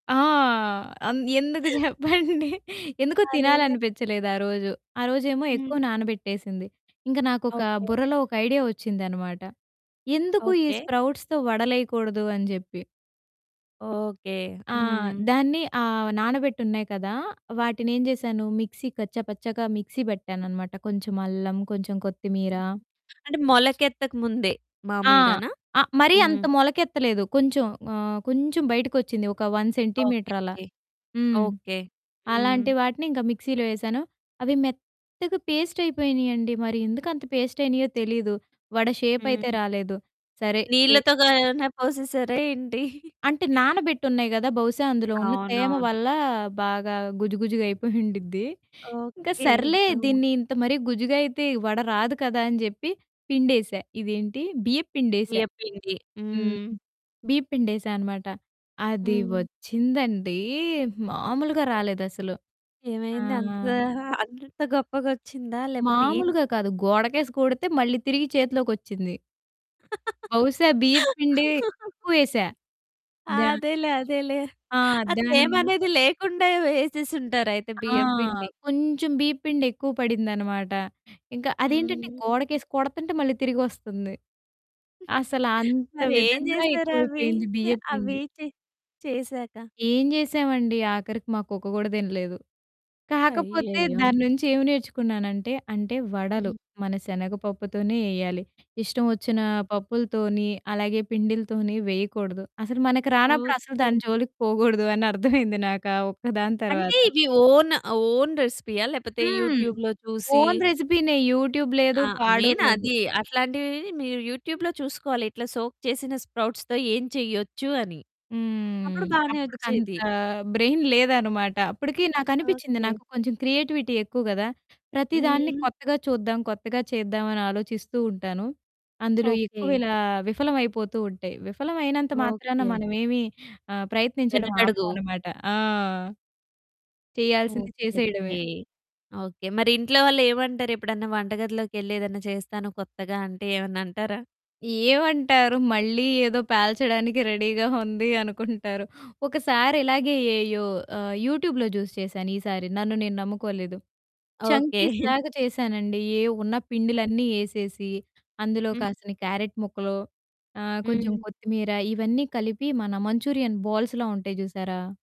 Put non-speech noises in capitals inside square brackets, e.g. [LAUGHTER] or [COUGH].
ఆ! అన్ ఎందుకు చెప్పండి? ఎందుకో అదేలే. తినాలనిపిచ్చలేదు ఆ రోజు. ఆ రోజేమో హ్మ్. ఎక్కువ నానబెట్టేసింది. ఇంక నాకొక ఓకే. బుర్రలో ఒక ఐడియా ఒచ్చిందనమాట. ఎందుకు ఈ ఓకే. స్ప్రౌట్స్‌తో వడలేయకూడదు అని జేప్పి. ఓకే. ఆ! హ్మ్. దాన్ని ఆహ్, నానబెట్టున్నాయి కదా! వాటినేం చేశాను మిక్సీ కచ్చ పచ్చగా మిక్సీ పెట్టాననమాట కొంచెం అల్లం కొంచెం కొత్తిమీర అంటే మొలకెత్తకు ముందే ఆ! మామూలుగానా? ఆ మరీ హ్మ్. అంత మొలకెత్తలేదు. కొంచెం ఆహ్, కొంచెం బయటికొచ్చింది ఒక 1 ఓకే సెంటీమీటర్ అలా. ఓకే. హ్మ్. ఓకే. అలాంటి హ్మ్. వాటిని ఇంక మిక్సీలో వేశాను. అవి మెత్తగా పేస్ట్ అయిపోయినాయండి. మరి ఎందుకంత పేస్ట్ అయినాయో తెలీదు. వడ షేపైతే హ్మ్. రాలేదు. సరే షే నీళ్ళతోగా ఏమైనా పోసేసార ఏంటి? అంటే నానబెట్టున్నాయి గదా! బహుశా అందులో ఉన్న తేమ అవునవును. వల్ల బాగా గుజు గుజుగా అయిపోయుండిద్ది. ఇంక ఓకే. సర్లే హ్మ్. దీన్ని ఇంత మరి గుజ్జుగా అయితే వడ రాదు కదా! అని జెప్పి పిండేసా ఇదేంటి బియ్యప్పిండేసా. బియ్యపిండి. హ్మ్. హ్మ్. బీయప్పిండి ఎసా అనమాట అది హ్మ్. వచ్చిందండి మామూలుగా రాలేదసలు. ఆ! ఏమైంది? అంతా, అంత గొప్పగొచ్చిందా? లేకపోతే ఏంటి? మామూలుగా కాదు! గోడకేసి కొడితే మళ్ళీ తిరిగి చేతిలోకొచ్చింది. బహుశా బియ్యప్పిండి [LAUGHS] ఎక్కువేశా దా అదేలే అదేలే. ఆ! ఆ తేమ దానివల్ల అనేది లేకుండా వేసేసుంటారైతే ఆ! బియ్యపిండి. కొంచెం బీయప్పిండి ఎక్కువ పడిందనమాట. ఇంక అదేంటంటే హ్మ్. గోడకేసి కొడుతుంటే మళ్ళీ తిరిగొస్తుంది. [CHUCKLES] అసలంత మరేం విధంగా ఎక్కువైపోయింది చేశారవితే బియ్యప్పిండి. అవైతే చేసాక? ఏం చేశామండి? ఆఖరికి మా కుక్క కూడా తినలేదు. కాకపోతే అయ్యయ్యో! దాన్నుంచి ఏం నేర్చుకున్నానంటే, అంటే వడలు హ్మ్. మన శనగపప్పుతోనే ఏయాలి. ఇష్టవొచ్చిన పప్పులతోని అలాగే పిండిలతోని వేయకూడదు. అసలు మనకు రానప్పుడు అసలు ఓకే. దాని జోలికి పోకూడదు అని అర్థమైంది నాకు ఆ ఒక్కదాని అంటే తర్వాత. ఇవి ఓన్, ఓన్ రెసిపీయా లేకపోతే హ్మ్. యూట్యూబ్‌లో చూసి ఓన్ రెసిపీనే, యూట్యూబ్ లేదు. ఆ! పాడు మెయిన్ లేదు. అది. అట్లాంటివి మీరు యూట్యూబ్‌లో చూసుకోవాలి. ఇట్లా సోక్ చేసిన స్ప్రౌట్స్‌తో ఏం చేయొచ్చు అని. అప్పుడు హ్మ్. బానే అప్పటికంత ఒచ్చేది. బ్రెయిన్ లేదనమాట. అప్పటికి నాకనిపించింది ఓకే. నాకు కొంచెం క్రియేటివిటీ ఎక్కువ గదా! ప్రతి దాన్ని హ్మ్. కొత్తగా చూద్దాం, కొత్తగా చేద్దాం అని ఆలోచిస్తూ ఉంటాను. అందులో ఓకే. ఎక్కువిలా విఫలవైపోతూ ఉంటాయి. విఫలవైనంత మాత్రాన ఓకే. మనవేమి ఆహ్, ప్రయత్నించడం వెనకడుగు. ఆపవనమాట. ఆ! చేయాల్సింది ఓకే. చేసేయడమే. ఓకే. ఓకే. మరింట్లో వాళ్ళేమంటారు? ఎప్పుడన్నా వంటగదిలోకెళ్ళేదైనా చేస్తాను కొత్తగా, అంటే ఏమన్నా అంటారా? ఏమంటారు, మళ్ళీ ఏదో పేల్చడానికి రెడీగా ఉంది అనుకుంటారు. ఒకసారిలాగే ఏ యు ఆహ్, యూట్యూబ్‌లో జూసి చేశాను ఈసారి. నన్ను నేను నమ్ముకోలేదు. ఓకే. చంకీస్‌లాగా చేశానండి. ఏవున్న పిండిలన్నీ ఏసేసి అందులో హ్మ్. కాసిన్ని క్యారట్ ముక్కలు, ఆహ్, కొంచెం హ్మ్. కొత్తిమీర ఇవన్నీ కలిపి మన మంచూరియన్ బాల్స్‌లా ఉంటాయి చూసారా?